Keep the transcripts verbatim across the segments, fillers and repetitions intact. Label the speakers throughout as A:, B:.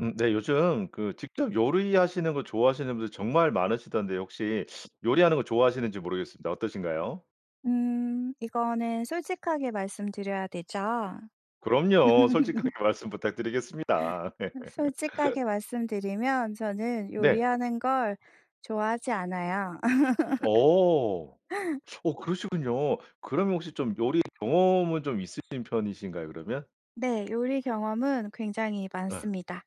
A: 음 네. 요즘 그 직접 요리하시는 거 좋아하시는 분들 정말 많으시던데 혹시 요리하는 거 좋아하시는지 모르겠습니다. 어떠신가요?
B: 음. 이거는 솔직하게 말씀드려야 되죠?
A: 그럼요. 솔직하게 말씀 부탁드리겠습니다.
B: 솔직하게 말씀드리면 저는
A: 네.
B: 요리하는 걸 좋아하지 않아요.
A: 어. 어 그러시군요. 그러면 혹시 좀 요리 경험은 좀 있으신 편이신가요, 그러면?
B: 네. 요리 경험은 굉장히
A: 예.
B: 많습니다.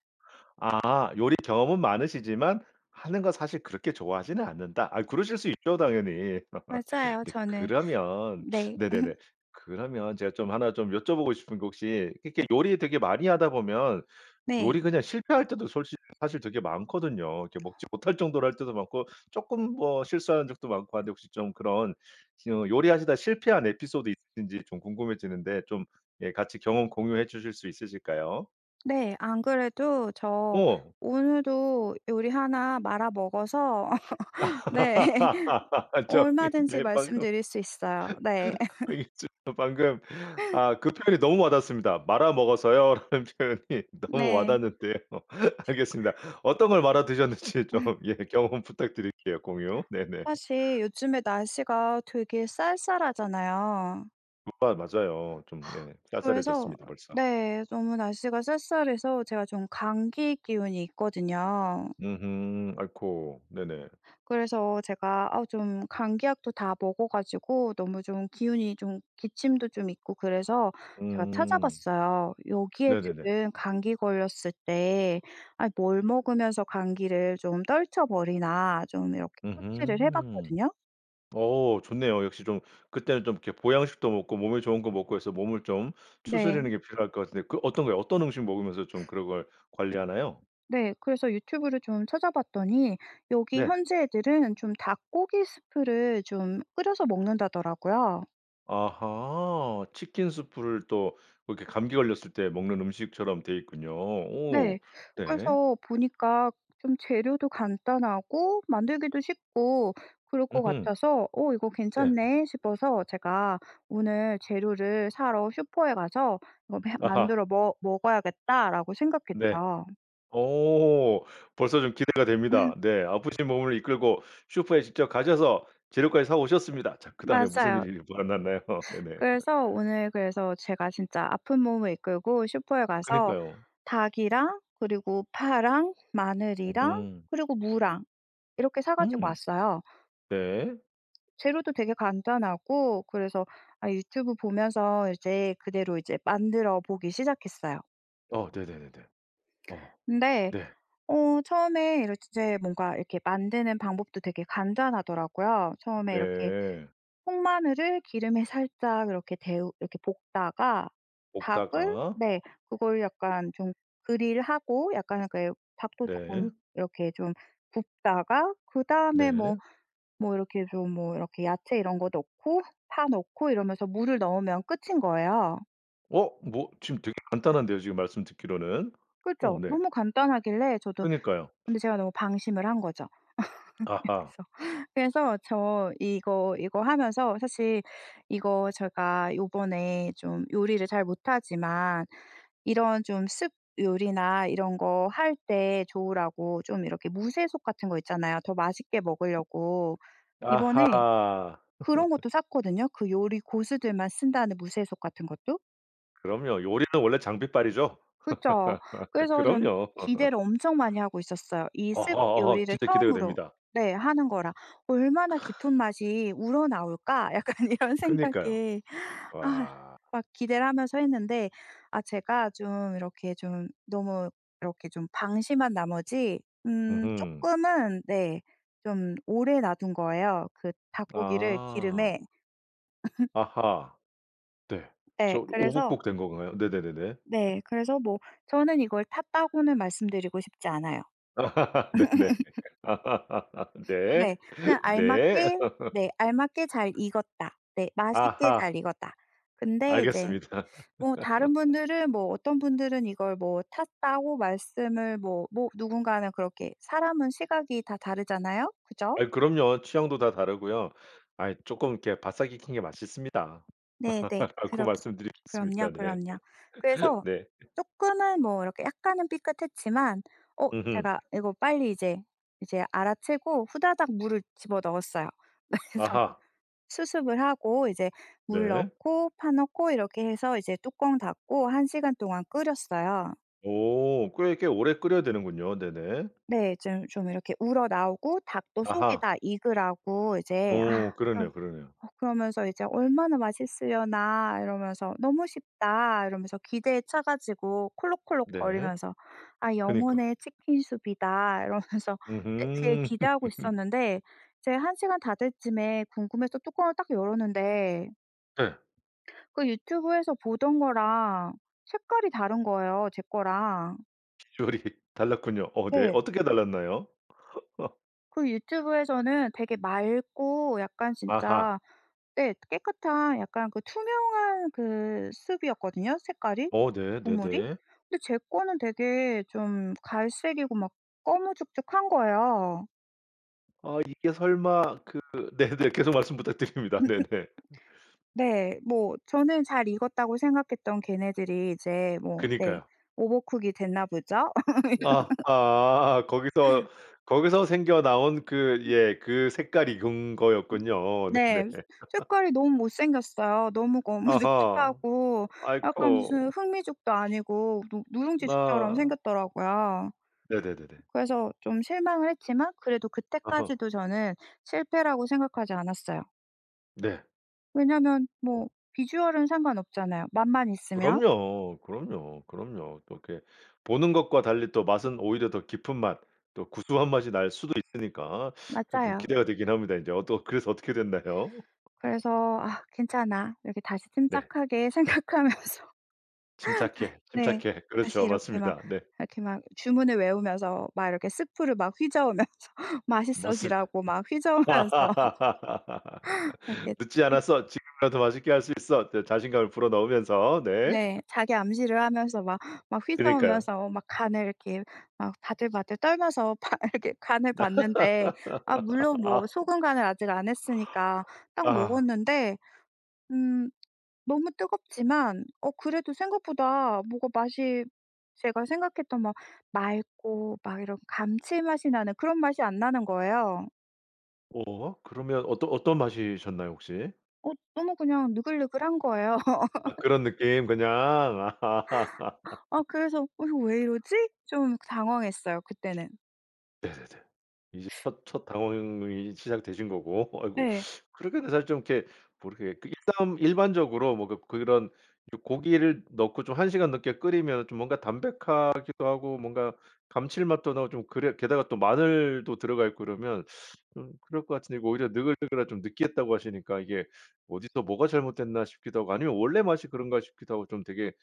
A: 아. "요리 경험은 많으시지만 하는 건 사실 그렇게 좋아하지는 않는다." 아 그러실 수 있죠 당연히.
B: 맞아요
A: 네
B: 저는
A: 그러면
B: 네.
A: 네네네. 그러면 제가 좀 하나 좀 여쭤보고 싶은 게 혹시 그니까 요리 되게 많이 하다 보면
B: 네.
A: 요리 그냥 실패할 때도 솔직히 사실 되게 많거든요. 이렇게 먹지 못할 정도로 할 때도 많고 쪼끔 뭐 실수한 적도 많고 한데 혹시 좀 그런 음 요리하시다 실패한 에피소드 있으신지 좀 궁금해지는데 좀 예 같이 경험 공유해 주실 수 있으실까요?
B: 네. 안 그래도 저
A: 어.
B: 오늘도 요리 하나 말아먹어서 네.
A: 저기
B: 얼마든지
A: 네 방금
B: 말씀드릴 수 있어요. 네.
A: 여기 저 방금 아 그 표현이 너무 와닿습니다. "말아 먹었어요." 라는 표현이 너무
B: 네.
A: 와닿는데요. 알겠습니다. 어떤 걸 말아 드셨는지 좀 예 경험 부탁드릴게요. 공유 네네.
B: 사실 요즘에 날씨가 되게 쌀쌀하잖아요.
A: 우와 맞아요. 좀 예
B: 그래서
A: 쌀쌀해졌습니다, 벌써.
B: 네. 너무 날씨가 쌀쌀해서 제가 좀 감기 기운이 있거든요.
A: 음음. 아이코 네네.
B: 그래서 제가 아우 좀 감기약도 다 먹어 가지고 너무 좀 기운이 좀 기침도 좀 있고 그래서 제가
A: 음.
B: 찾아봤어요. 여기에
A: 네네네.
B: 지금 '감기 걸렸을 때 아이 뭘 먹으면서 감기를 좀 떨쳐버리나.' 좀 이렇게 서치를 해
A: 음음.
B: 봤거든요.
A: 어 좋네요. 역시 좀 그때는 좀 이렇게 보양식도 먹고 몸에 좋은 거 먹고 해서 몸을 좀
B: 네.
A: 추스르는 게 필요할 것 같은데 그 어떤 거예요? 어떤 음식 먹으면서 좀 그런 걸 관리하나요?
B: 네. 그래서 유튜브를 좀 찾아봤더니 여기
A: 네.
B: 현지 애들은 좀 닭고기 스프를 좀 끓여서 먹는다더라고요.
A: 아하. 치킨 수프를 또 그렇게 감기 걸렸을 때 먹는 음식처럼 돼 있군요.
B: 네.
A: 오. 네.
B: 그래서 보니까 좀 재료도 간단하고 만들기도 쉽고 그럴 것
A: 으흠.
B: 같아서 '어 이거
A: 네.
B: 괜찮네.' 싶어서 제가 오늘 재료를 사러 슈퍼에 가서 '뭐 해
A: 아하.
B: 만들어 머 먹어야겠다.'라고
A: 네.
B: 생각했죠.
A: 오. 벌써 좀 기대가 됩니다. 네. 아프신 몸을 이끌고 슈퍼에 직접 가셔서 재료까지 사 오셨습니다. 자 그다음에 무슨
B: 맞아요.
A: 일이 만났나요. 네네.
B: 그래서 오늘 그래서 제가 진짜 아픈 몸을 이끌고 슈퍼에 가서
A: 그니까요.
B: 닭이랑 그리고 파랑 마늘이랑
A: 오호.
B: 그리고 무랑 이렇게 사 가지고
A: 음.
B: 왔어요.
A: 네.
B: 재료도 되게 간단하고 그래서 아 유튜브 보면서 이제 그대로 이제 만들어 보기 시작했어요.
A: 아 네네네네. 아.
B: 근데
A: 네.
B: 어 처음에 이럴 즈 제 뭔가 이렇게 만드는 방법도 되게 간단하더라고요. 처음에 이렇게
A: 네.
B: 통마늘을 기름에 살짝 이렇게 데우 이렇게 볶다가 닭을
A: 볶다가.
B: 네 그걸 약간 좀 그릴 하고 약간 약간 요 닭도 쪼끔
A: 네.
B: 이렇게 좀 굽다가 그다음에 뭐
A: 네.
B: 뭐 이렇게 좀 뭐 이렇게 야채 이런 거 넣고 파 넣고 이러면서 물을 넣으면 끝인 거예요.
A: 어 뭐 지금 되게 간단한데요. 지금 말씀 듣기로는?
B: 그죠?
A: 어 네.
B: 너무 간단하길래 저도
A: 그니까요.
B: 근데 제가 너무 방심을 한 거죠.
A: 아하.
B: 여기서. 그래서 저 이거 이거 하면서 사실 이거 제가 요번에 좀 요리를 잘 못하지만 이런 좀 soup 요리나 이런 거 할 때 좋으라고 좀 이렇게 무쇠솥 같은 거 있잖아요 더 맛있게 먹으려고. 이번에
A: 아하.
B: 그런 것도 샀거든요 그 요리 고수들만 쓴다는 무쇠솥 같은 것도.
A: 그럼요. 요리는 원래 장비빨이죠.
B: 그쵸. 그래서 저는
A: 그럼요.
B: 기대를 엄청 많이 하고 있었어요. 이 soup
A: 어허허
B: 요리를
A: 진짜 기대가
B: 처음으로
A: 됩니다.
B: 네 하는 거라 '얼마나
A: 크아.
B: 깊은 맛이 우러나올까?' 약간 이런
A: 그니까요.
B: 생각에 아
A: 와.
B: 막 기대를 하면서 했는데 아 제가 좀 이렇게 좀 너무 이렇게 좀 방심한 나머지 음
A: 으흠.
B: 쪼끔은 네 좀 오래 놔둔 거예요 그 닭고기를
A: 아.
B: 기름에.
A: 아하. 네. 저
B: 네 그래서
A: 오버쿡 된 건가요? 네네네네.
B: 네 그래서 뭐 저는 이걸 탔다고는 말씀드리고 싶지 않아요.
A: 네네. 네.
B: 네. 그냥
A: 네.
B: 알맞게 네 알맞게 잘 익었다. 네. 맛있게 잘
A: 아하.
B: 익었다. 근데 이제
A: 알겠습니다.
B: 뭐 다른 분들은 뭐 어떤 분들은 이걸 뭐 탔다고 말씀을 뭐 뭐 누군가는 그렇게 사람은 시각이 다 다르잖아요. 그죠?
A: 아이 그럼요 취향도 다 다르고요. 아이 쪼끔 이렇게 바싹 익힌 게 맛있습니다
B: 네네.
A: 라고
B: 그렇스 그럼요,
A: 말씀드리겠습니다. 네.
B: 그럼요. 그래서
A: 네
B: 쪼끔은 뭐 이렇게 약간은 삐끗했지만 어
A: 으흠.
B: 제가 이거 빨리 이제 이제 알아채고 후다닥 물을 집어넣었어요. 그래서
A: 아하.
B: 수습을 하고 이제 물
A: 네.
B: 넣고 파 넣고 이렇게 해서 이제 뚜껑 닫고 한 시간 동안 끓였어요.
A: 오 꽤 꽤 오래 끓여야 되는군요. 네네.
B: 네. 좀 좀 이렇게 우러나오고 닭도 속이
A: 아하.
B: 다 익으라고 이제 아
A: 오
B: 어
A: 그러네요, 그러네요.
B: 어 그러면서 이제 '얼마나 맛있으려나.' 이러면서 '너무 쉽다.' 이러면서 기대에 차 가지고
A: 네.
B: 콜록콜록거리면서 '아
A: 그니까.
B: 영혼의 치킨 soup이다.' 이러면서 되 되게
A: 으흠.
B: 기대하고 있었는데 제가 한 시간 다 될 쯤에 궁금해서 뚜껑을 딱 열었는데
A: 네.
B: 그 유튜브에서 보던 거랑 색깔이 다른 거예요 제 거랑.
A: 요리 달랐군요. 어 네.
B: 네.
A: 어떻게 달랐나요?
B: 그 유튜브에서는 되게 맑고 약간
A: 아하.
B: 진짜 네 깨끗한 약간 그 투명한 그 soup 이었거든요 색깔이
A: 어 네.
B: 국물이.
A: 네네.
B: 근데 제 거는 되게 좀 갈색이고 막 꺼무죽죽한 거예요.
A: 아 이게 설마 그 네네. 계속 말씀 부탁드립니다. 네네.
B: 네. 뭐 저는 잘 익었다고 생각했던 걔네들이 이제 뭐 네
A: 그니까요.
B: 오버쿡이 됐나 보죠?
A: 아하. 거기서 거기서 생겨 나온 그
B: 음.
A: 예 그 색깔 익은
B: 음
A: 거였군요. 네네.
B: 네. 색깔이 너무 못 생겼어요. 너무
A: 아하.
B: 거무죽죽하고 약간 무슨
A: 아이코.
B: 흑미죽도 아니고 누 누룽지죽처럼
A: 아.
B: 생겼더라고요.
A: 네네네네.
B: 그래서 좀 실망을 했지만 그래도
A: 어허.
B: 그때까지도 저는 실패라고 생각하지 않았어요.
A: 네.
B: 왜냐하면
A: 어.
B: 뭐 비주얼은 상관없잖아요 맛만 있으면.
A: 그럼요. 그럼요. 그럼요. 또 이렇게 보는 것과 달리 또 맛은 오히려 더 깊은 맛 또 구수한 맛이 날 수도 있으니까 그게 좀
B: 맞아요.
A: 기대가 되기는 합니다. 이제 어떻 그래서 어떻게 됐나요?
B: 그래서 '아 괜찮아.' 이렇게 다시
A: 네.
B: 침착하게 생각하면서 다
A: 침착해.
B: 네
A: 침착해.
B: 다시
A: 그렇죠.
B: 이렇게 막
A: 맞습니다. 네.
B: 이렇게 막 주문을 외우면서 막 이렇게 수프를 막 휘저으면서
A: 맛을
B: 맛있어지라고 막 휘저으면서 이렇게
A: '늦지
B: 음.
A: 않았어. 지금이라도 맛있게 할 수 있어.' 이제 자신감을 불어 넣으면서 네.
B: 네. 자기 암시를 하면서 막 막
A: 그니까요.
B: 휘저으면서 막 간을 이렇게 막 바들바들 떨면서 봐야겠 간을 봤는데 아 물론 뭐 소금 간을 아직 안 했으니까 딱
A: 아.
B: 먹었는데 음 너무 뜨겁지만 어 그래도 생각보다 뭐가 맛이 제가 생각했던 막 맑고 막 이런 감칠맛이 나는 그런 맛이 안 나는 거예요.
A: 어 그러면 어떠 어떤 맛이셨나요 혹시?
B: 어 너무 그냥 느글느글한 거예요.
A: 아 그런 느낌 그냥. 아.
B: 아 그래서 '이거 왜 이러지?' 좀 당황했어요 그때는.
A: 네네네. 이제 첫 첫 당황이 시작되신 거고 아이고
B: 네.
A: 그렇게는 사실 좀 이렇게 뭐 이렇게 그 일단 일반적으로 뭐 그 그런 요 고기를 넣고 좀 한 시간 넘게 끓이면 좀 뭔가 담백하기도 하고 뭔가 감칠맛도 나고 좀 그래 게다가 또 마늘도 들어갈 거라면 좀 그럴 것 같은데 이거 오히려 느글느글하고 좀 느끼했다고 하시니까 이게 어디서 뭐가 잘못됐나 싶기도 하고 아니면 원래 맛이 그런가 싶기도 하고 좀 되게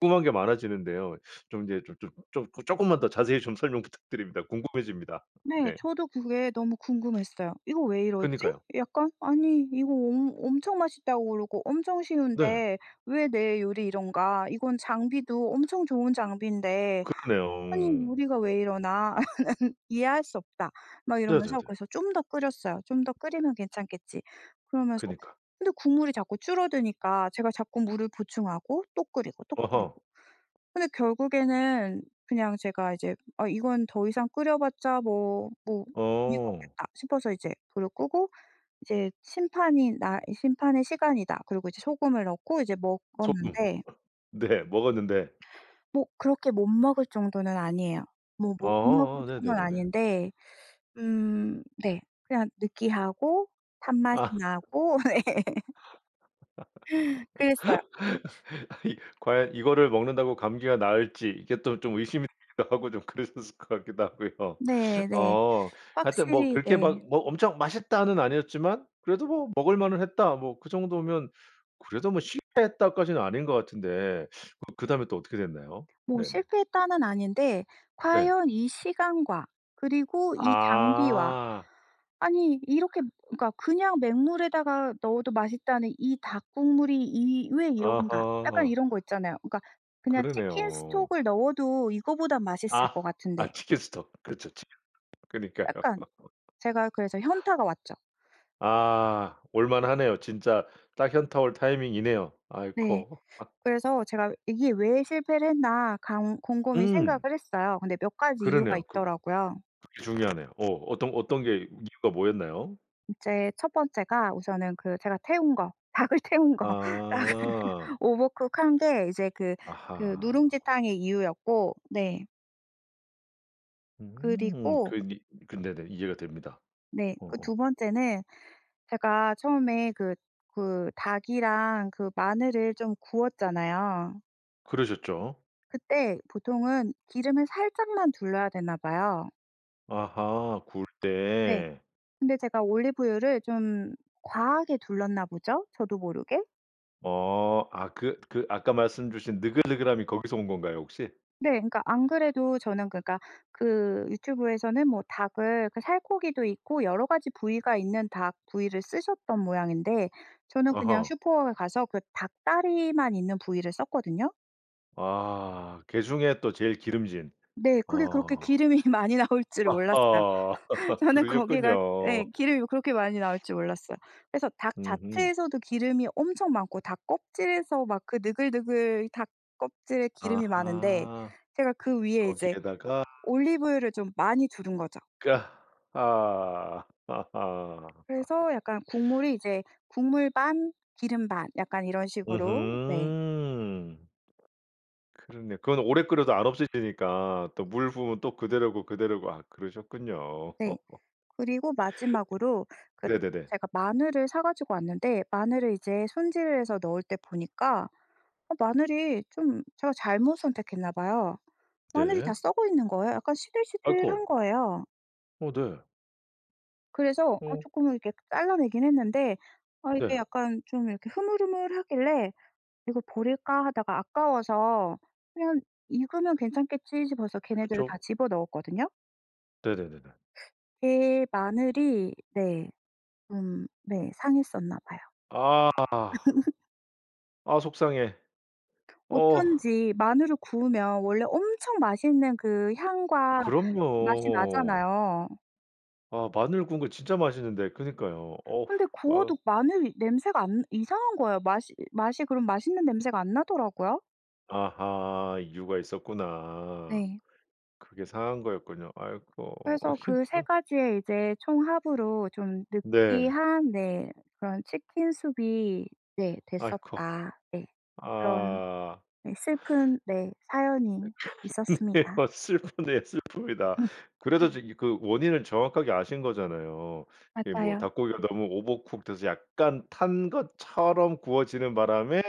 A: 궁금한 게 많아지는데요. 좀 이제 좀 좀 좀 쪼끔만 더 자세히 좀 설명 부탁드립니다. 궁금해집니다.
B: 네.
A: 네.
B: 저도 그게 너무 궁금했어요. '이거 왜 이러지?
A: 그니까요.
B: 약간 아니 이거 엄 엄청 맛있다고 그러고 엄청
A: 네.
B: 쉬운데 왜 내 요리 이런가. 이건 장비도 엄청 좋은 장비인데 아니
A: 그러네요.
B: 우리가 왜 이러나. 이해할 수 없다.' 막 이러면서
A: 네네네.
B: 그래서 좀 더 끓였어요. '좀 더 끓이면 괜찮겠지.' 그러면서
A: 그니까.
B: 근데 국물이 자꾸 줄어드니까 제가 자꾸 물을 보충하고 또 끓이고 또
A: 어허.
B: 끓이고. 근데 결국에는 그냥 제가 이제 '아 이건 더 이상 끓여봤자 뭐 뭐 의미가
A: 어.
B: 없겠다.' 싶어서 이제 불을 끄고 이제 심판이 나 '이 심판의 시간이다.' 그리고 이제 소금을 넣고 이제
A: 소금.
B: 먹었는데
A: 네 먹었는데.
B: 뭐 그렇게 못 먹을 정도는 아니에요. 뭐 못 먹을
A: 어어어
B: 정도는
A: 네네네네.
B: 아닌데 음 네 그냥 느끼하고 단맛이
A: 아.
B: 나고 그랬어요.
A: 아니 과연 이거를 먹는다고 감기가 나을지 이게 또 좀 의심이 되기도 하고 좀 그러셨을 것 같기도 하고요.
B: 네네.
A: 어 하여튼 뭐
B: 확실히
A: 그렇게 막
B: 네.
A: 뭐 엄청 맛있다는 아니었지만 그래도 뭐 '먹을 만은 했다.' 뭐 그 정도면 그래도 뭐 '실패했다.' 까지는 아닌 것 같은데 어 그다음에 또 어떻게 됐나요?
B: 뭐
A: 네네.
B: 실패했다는 아닌데
A: 네.
B: 과연 이 시간과 그리고 이 장비와
A: 아.
B: 아니 이렇게 그러니까 '그냥 맹물에다가 넣어도 맛있다는 이 닭 국물이 이 왜 이런가?' 약간
A: 어허.
B: 이런 거 있잖아요. 그러니까 '그냥
A: 그러네요.
B: 치킨스톡을 넣어도 이거보단 맛있을
A: 아.
B: 것 같은데.'
A: 아 치킨스톡. 그렇죠 치킨스톡. 그러니까요.
B: 약간 제가 그래서 현타가 왔죠.
A: 아 올 만하네요. 진짜 딱 현타 올 타이밍이네요.
B: 네.
A: 아이코.
B: 그래서 제가 '이게 왜 실패를 했나.' 감 곰곰이 생각을
A: 음.
B: 했어요. 근데 몇 가지 이유가
A: 그러네요. 그
B: 있더라고요.
A: 그게 중요하네요. 어 어떤 어떤 게 이유가 뭐였나요?
B: 이제 첫 번째가 우선은 그 제가 태운 거 닭을 태운 거. 닭을
A: 아.
B: 오버쿡 한 게 이제 그 그
A: 아하.
B: 누룽지 탕의 이유였고 네. 그리고
A: 음 그니 근데 네 이해가 됩니다.
B: 네. 그
A: 어어.
B: 두 번째는 제가 처음에 그 그 닭이랑 그 마늘을 좀 구웠잖아요.
A: 그러셨죠.
B: 그때 보통은 기름을 살짝만 둘러야 되나 봐요.
A: 아하. 구울
B: 네.
A: 때.
B: 근데 제가 올리브유를 좀 과하게 둘렀나 보죠? 저도 모르게?
A: 어. 아 그 그 아까 말씀 주신 느글느글함이 거기서 온 건가요 혹시?
B: 네. 그러니까 안 그래도 저는 그러니까 그 유튜브에서는 뭐 닭을 그 살코기도 있고 여러 가지 부위가 있는 닭 부위를 쓰셨던 모양인데 저는 그냥
A: 어허.
B: 슈퍼에 가서 그 닭 다리만 있는 부위를 썼거든요.
A: 아. 게중에 또 제일 기름진.
B: 네. 그게 그렇게
A: 어.
B: 기름이 많이 나올 줄 몰랐어요.
A: 아하.
B: 저는 거기가 예
A: 그러셨군요.
B: 기름이 그렇게 많이 나올지 몰랐어요. 그래서 닭
A: 으흠.
B: 자체에서도 기름이 엄청 많고 닭 껍질에서 막 그 느글느글 닭 껍질에 기름이 많은데
A: 아하.
B: 제가 그 위에 이제
A: 거기에다가
B: 올리브유를 좀 많이 두른 거죠.
A: 그 아 하. 하하.
B: 그래서 약간 국물이 이제 국물 반 기름 반 약간 이런 식으로 네.
A: 으흠. 그러네. 그건 오래 끓여도 안 없어져지니까 또 물 부으면 또 그대로고 그대로고 아 그러셨군요.
B: 네. 그리고 마지막으로 그
A: 네네네.
B: 제가 마늘을 사 가지고 왔는데 마늘을 이제 손질을 해서 넣을 때 보니까 아 마늘이 좀 제가 잘못 선택했나 봐요. 마늘이 다
A: 네.
B: 썩어 있는 거예요. 약간 시들시들한
A: 아이코.
B: 거예요.
A: 어 네.
B: 그래서 어
A: 어.
B: 쪼끔은 이렇게 잘라내긴 했는데 아 이게
A: 네.
B: 약간 좀 이렇게 흐물흐물하길래 '이거 버릴까?' 하다가 아까워서 그냥 '이거면 괜찮겠지.' 싶어서 걔네들을
A: 그쵸.
B: 다 집어넣었거든요.
A: 네네네네.
B: 제 마늘이 네. 음 네 상했었나 봐요.
A: 아. 아 속상해. 어후.
B: 어쩐지 마늘을 구우면 원래 엄청 맛있는 그 향과 맛이
A: 그럼요.
B: 나잖아요.
A: 아 마늘 구운 거 진짜 맛있는데. 그러니까요. 어후.
B: 근데
A: 아우.
B: 구워도 마늘 냄새가 안 이상한 거예요. 맛이, 맛이 그런 맛있는 냄새가 안 나더라고요.
A: 아하 이유가 있었구나.
B: 네.
A: 그게 상한 거였군요. 아이코 어
B: 그래서 그 세
A: [unintelligible]
B: 가지의 이제 총합으로 좀
A: 네.
B: 느끼한 네 그런 치킨 수프 이 네
A: 아이.
B: 됐었다. 네 그런
A: 아.
B: 네 슬픈 네 사연이
A: 네.
B: 있었습니다.
A: 막 슬프네요. 슬픕니다. 그래도 저기 그 원인은 정확하게 아신 거잖아요. 그 이 뭐
B: 맞아요.
A: 닭고기가 너무 오버쿡 돼서 약간 탄 것처럼 구워지는 바람에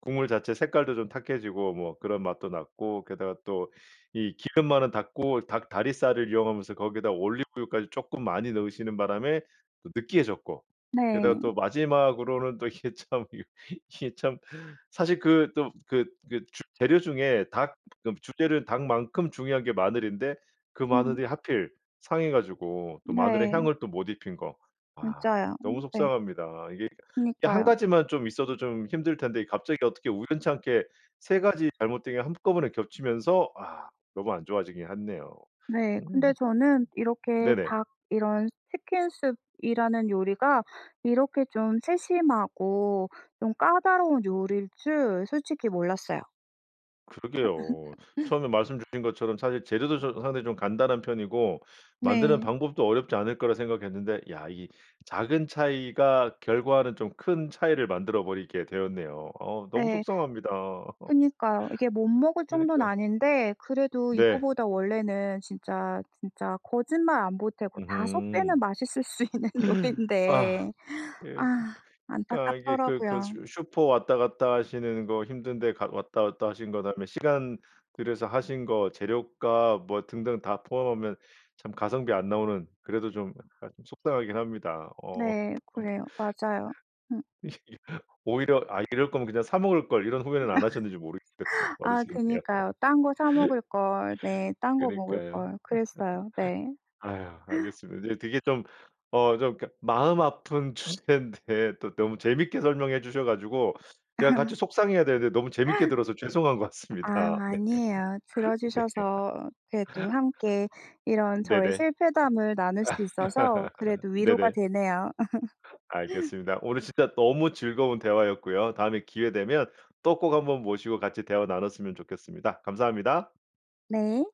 A: 국물 자체 색깔도 좀 탁해지고 뭐 그런 맛도 났고 게다가 또 이 기름 많은 닭고 닭다리살을 이용하면서 거기다 올리브유까지 쪼끔 많이 넣으시는 바람에 또 느끼해졌고 게다가
B: 네.
A: 또 마지막으로는 또 이게, 참 이게, 이게 참 사실 그 좀 그, 그 주 재료 중에 닭 좀 주재료 닭만큼 중요한 게 마늘인데 그
B: 음.
A: 마늘이 하필 상해 가지고 또 마늘의
B: 네.
A: 향을 또 못 입힌 거 아
B: 진짜요. 음
A: 너무
B: 네.
A: 속상합니다. 이게, 이게 한
B: 그러니까요.
A: 가지만 좀 있어도 좀 힘들 텐데 이 갑자기 어떻게 우연찮게 세 가지 잘못된 게 한꺼번에 겹치면서 와 너무 안 좋아지긴 했네요.
B: 네 근데
A: 음음
B: 저는 이렇게
A: 네네.
B: 닭 이런 치킨 수프 이라는 요리가 이렇게 좀 세심하고 좀 까다로운 요리일 줄 솔직히 몰랐어요.
A: 그러게요. 처음에 말씀 주신 것처럼 사실 재료도 좀 상당히 좀 간단한 편이고 만드는
B: 네.
A: 방법도 어렵지 않을 거라 생각했는데 야 이게 작은 차이가 결과는 좀 큰 차이를 만들어 버리게 되었네요. 어우 너무
B: 네.
A: 속상합니다.
B: 그러니까요. 이게 못 먹을 정도는
A: 그러니까.
B: 아닌데 그래도
A: 네.
B: 이거보다 원래는 진짜, 진짜 거짓말 안 보태고 다섯 배는
A: 으흠.
B: 맛있을 수 있는
A: 아
B: 요리인데
A: 예 참
B: 아
A: 그러니까 이게 그, 그
B: 안타깝더라고요.
A: 슈 슈 슈퍼 왔다 갔다 하시는 거 힘든데 갔 왔다, 왔다 하신 것, 다음에 시간 들여서 하신 거, 재료값 뭐 등등 다 포함하면 참 가성비 안 나오는 그래도 좀 하여튼 속상하긴 합니다. 어.
B: 네
A: 음.
B: 그래요 맞아요. 음.
A: 오히려 '아 이럴 거면 그냥 사 먹을 걸.' 이런 후회는 안 하셨는지 모르겠어요. 발언
B: 아
A: 죄송해요.
B: 그러니까요. '딴 거 사 먹을 걸.' 네 '딴 거 먹을
A: 그러니까요.
B: 걸.' 그랬어요. 네.
A: 아유 알겠습니다. 네. 되게 좀, 어 좀 그러니까 마음 아픈 주제인데 또 너무 재미있게 설명해 주셔 가지고 제가 같이 속상해야 되는데 너무 재미있게 들어서 죄송한 것
B: 아
A: 같습니다. 네.
B: 아니에요.
A: 네.
B: 들어주셔서 그래도 함께 이런 저의
A: 네네.
B: 실패담을 나눌 수 있어서 그래도 위로가
A: 네네.
B: 되네요.
A: 알겠습니다. 오늘 진짜 너무 즐거운 대화였고요. 다음에 기회 되면 또 꼭 한번 모시고 같이 대화 나눴으면 좋겠습니다. 감사합니다.
B: 네.